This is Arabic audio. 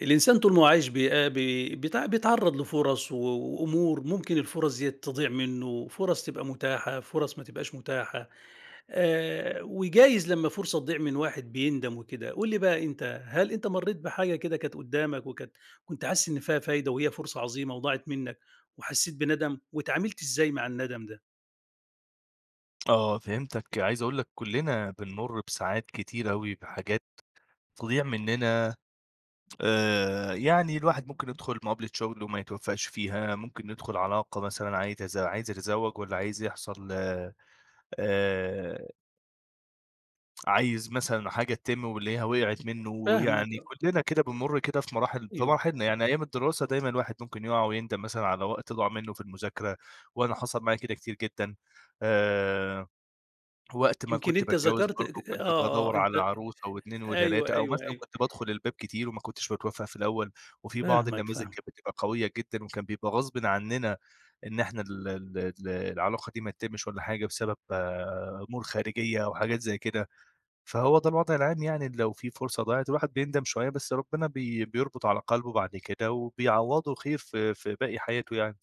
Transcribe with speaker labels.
Speaker 1: الإنسان طول ما هو عايش بيآ بي بيت بيتعرّض لفُرص و وأمور ممكن الفُرص ديّة تضيع منه، فُرص تبقى متاحة، فُرص ما تبقاش متاحة، آآ، وجايز لمّا فرصة تضيع من واحد بيندم وكده. قُل لي بقى، أنت هل أنت مرّيت بحاجة كده كانت قُدّامك وكانت كُنت حاسس إن فيها فايدة وهي فرصة عظيمة وضاعت منّك وحسّيت بندم؟ واتعاملت إزاي مع الندم ده؟
Speaker 2: آه، فهمتك. عايز أقول لك كُلّنا بنمُرّ بساعات كتير أوي بحاجات تضيع مننا. آآ، يعني الواحد ممكن يدخل مقابلة شغل وما يتوفّقش فيها، ممكن يدخل علاقة مثلًا عايز يتز عايز يتزوج والّا عايز يحصل آآ عايز مثلًا حاجة تتم ويلاقيها وقعِت منّه،
Speaker 1: فاهمك
Speaker 2: ويعني
Speaker 1: آه.
Speaker 2: كُلّنا كده بنمُر كده في مراحل في
Speaker 1: أيوه.
Speaker 2: مراحلنا. يعني أيام الدراسة دايمًا الواحد ممكن يُقع ويندم مثلًا على وقت ضاع منه في المذاكرة، وأنا حصل معايا كده كتير جدًا، آآ. وقت ما
Speaker 1: يمكن
Speaker 2: كنت
Speaker 1: أنت
Speaker 2: باتجوّز
Speaker 1: ذكرت
Speaker 2: برضه
Speaker 1: اكِ
Speaker 2: كنت
Speaker 1: آه،
Speaker 2: بادَوّر
Speaker 1: أنت
Speaker 2: على عروسة و2
Speaker 1: أيوه،
Speaker 2: و3 أو
Speaker 1: أيوه،
Speaker 2: مثلًا
Speaker 1: أيوه.
Speaker 2: كنت بادخل الباب كتير وما كُنتش باتوفّق في الأول، وفي بعض
Speaker 1: فاهمك،
Speaker 2: النماذج
Speaker 1: فاهمك.
Speaker 2: كانت بتبقى قوية جدًا، وكان بيبقى غصبٍ عنّنا إن إحنا ال ال ال العلاقة دي ما تتمِّش والّا حاجة بسبب أمور خارجية أو حاجات زي كده، فهو ده الوضع العام يعني لو في فرصة ضاعِت الواحد بيندم شوية، بس ربنا بي بيربط على قلبه بعد كده وبيعوّضه خير في في باقي حياته يعني.